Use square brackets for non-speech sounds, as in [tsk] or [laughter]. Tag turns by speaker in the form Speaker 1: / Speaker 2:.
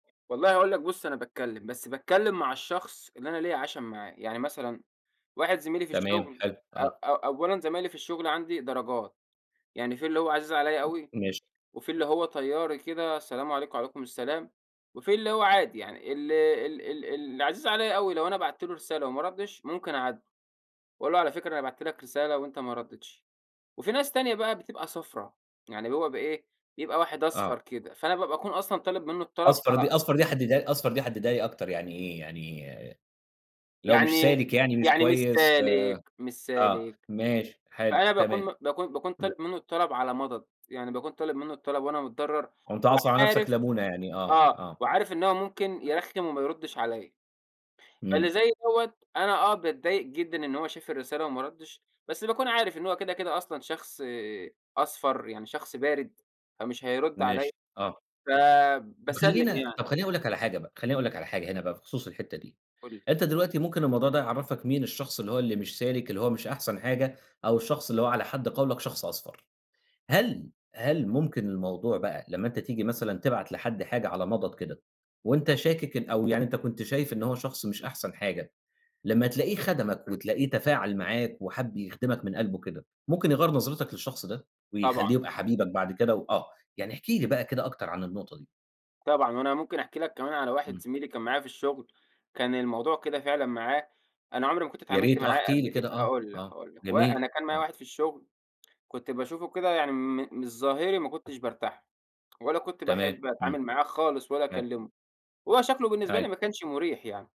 Speaker 1: والله هاقول لك بُص، أنا باتكلِّم، بس باتكلِّم مع الشخص اللي أنا ليّا عَشَم معاه. يعني مثلًا واحد زميلي في
Speaker 2: تمام
Speaker 1: الشُغل
Speaker 2: حلو.
Speaker 1: أ
Speaker 2: آه.
Speaker 1: أ أولًا زمايلي في الشُغل عندي درجات، يعني فيه اللي هو عزيز عليّا أوي
Speaker 2: ماشي.
Speaker 1: وفيه اللي هو طيّاري كده، سلام عليكم، عليكم السلام وفيه اللي هو عادي يعني. ال ال ال اللي عزيز عليّا أوي لو أنا بَعت له رسالة وما رَدِّش، ممكن أعاتبه وأقول له: "على فكرة أنا بَعت لك رسالة وأنت ما رَدّيتش." وفيه ناس تانية بقى بتبقى صفرا، يعني بيبقى بإيه، بيبقى واحد
Speaker 2: آه.
Speaker 1: أصفر كده، فأنا ب باكون أصلًا طالب منّه الطلب
Speaker 2: أصفر
Speaker 1: على
Speaker 2: دي أصفر دي حدِّدها أصفر دي حدِّدها لي أكتر يعني إيه؟ يعني لو مش
Speaker 1: يعني
Speaker 2: سالِك يعني مش
Speaker 1: يعني مش
Speaker 2: كويس
Speaker 1: سالك، مش
Speaker 2: آه،
Speaker 1: سالك.
Speaker 2: ماشي، حلو،
Speaker 1: فأنا باكون
Speaker 2: تمام.
Speaker 1: م باكون باكون
Speaker 2: إمم.
Speaker 1: طالب منّه الطلب على مَضَض. يعني باكون طالب منّه الطلب وأنا متضرّر
Speaker 2: كنت عاصر على نَفْسك
Speaker 1: وعارف
Speaker 2: لمونة يعني آه،
Speaker 1: آه.
Speaker 2: آه.
Speaker 1: وعارف إن هو ممكن يرخِّم وما يرُدِّش عليّا. فاللي
Speaker 2: إمم.
Speaker 1: زي دوّة أنا آه، باتضايق جدًا إن هو شاف الرسالة وما رَدِّش، بس باكون عارف إن هو كده، كده أصلًا شخص أصفر، يعني شخص بارِد، فمش هيرُد عليّا،
Speaker 2: ماشي. آه. طَب
Speaker 1: فباسلِّم
Speaker 2: خلّينا
Speaker 1: يعني.
Speaker 2: طَب خلّيني أقول لك على حاجة بقى، خلّيني أقول لك على حاجة هنا بقى بخصوص الحتّة دي.
Speaker 1: قُل لي.
Speaker 2: أنت دلوقتي ممكن الموضوع ده يعرَّفك مين الشخص اللي هو اللي مش سالِك، اللي هو مش أحسن حاجة، أو الشخص اللي هو على حد قَوْلَك شخص أصفر. هل، هل ممكن الموضوع بقى لمّا أنت تيجي مثلًا تبعت لحد حاجة على مَضَض كده وأنت شاكِك إن أو يعني أنت كنت شايف إن هو شخص مش أحسن حاجة، لمّا تلاقيه خَدَمك وتلاقيه تفاعل معاك وحَب يخدمك من قَلْبه كده، ممكن يغيَّر نظرتك للشخص ده
Speaker 1: طبعًا.
Speaker 2: ويخلّيه يبقى حبيبك بعد كده و آه. يعني احكِ لي بقى كده أكتر عن النُقطة دي.
Speaker 1: طبعًا. وأنا ممكن أحكي لك كمان على واحد
Speaker 2: إمم.
Speaker 1: زميلي كان معايا في الشُغل، كان الموضوع كده فعلًا معاه، أنا عُمري ما كنت
Speaker 2: يا
Speaker 1: اتعاملت
Speaker 2: ريت، آه
Speaker 1: معاه
Speaker 2: احكِ لي
Speaker 1: قبل كده،
Speaker 2: كده آه،
Speaker 1: هاقول لك،
Speaker 2: آه،
Speaker 1: هاقول لك. و
Speaker 2: جميل،
Speaker 1: أنا كان معايا
Speaker 2: آه.
Speaker 1: واحد في الشُغل، كنت باشوفه كده يعني م من الظاهري ما كنتش بارتاح له [tsk] ولا كنت
Speaker 2: تمام.
Speaker 1: باحب
Speaker 2: إمم.
Speaker 1: أتعامل معاه خالص ولا
Speaker 2: تما
Speaker 1: أكلِّمه، هو شكله بالنسبة
Speaker 2: أيوه.
Speaker 1: لي ما كانش مُريح يعني.